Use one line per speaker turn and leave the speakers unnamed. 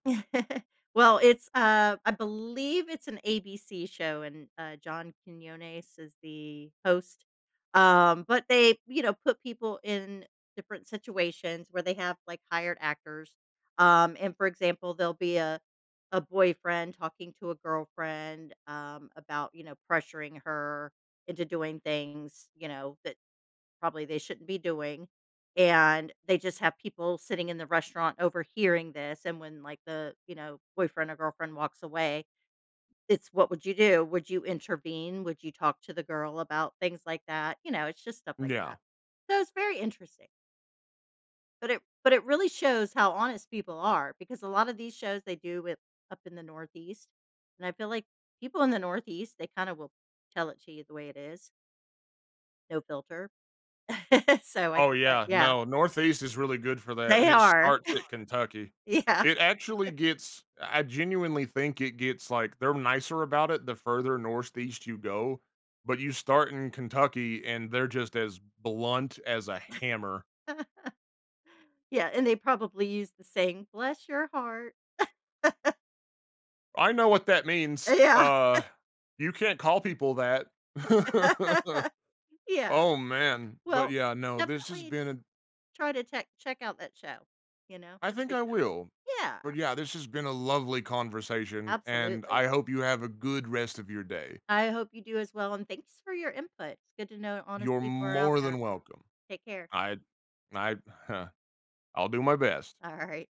Well, it's, uh I believe it's an ABC show, and, uh, John Quiñones is the host. Um, but they, you know, put people in different situations where they have, like, hired actors. Um, and, for example, there'll be a a boyfriend talking to a girlfriend, um, about, you know, pressuring her into doing things, you know, that probably they shouldn't be doing. And they just have people sitting in the restaurant overhearing this, and when, like, the, you know, boyfriend or girlfriend walks away, it's, "What would you do? Would you intervene? Would you talk to the girl about things like that?" You know, it's just stuff like
Yeah.
that. So, it's very interesting. But it but it really shows how honest people are because a lot of these shows they do with up in the Northeast and I feel like people in the Northeast, they kind of will tell it to you the way it is. No filter. So, I
Oh,
think that
yeah.
Yeah.
No, Northeast is really good for that,
They
and it
are.
starts at Kentucky.
Yeah.
It actually gets I genuinely think it gets, like they're nicer about it the further Northeast you go. But you start in Kentucky, and they're just as blunt as a hammer.
Yeah, and they probably use the same, "Bless your heart."
I know what that means.
Yeah.
Uh, you can't call people that.
Yeah.
Oh, man. But
Well,
yeah, no this has
definitely
been
try to che check out that show. You know,
I
it's a
think
good
I
show.
will.
Yeah.
But, yeah, this has been a lovely conversation, and
Absolutely.
I hope you have a good rest of your day.
I hope you do as well, and thanks for your input. It's good to know honest
You're
people are out
more
there.
than welcome.
Take care.
I I I'll do my best.
Alright.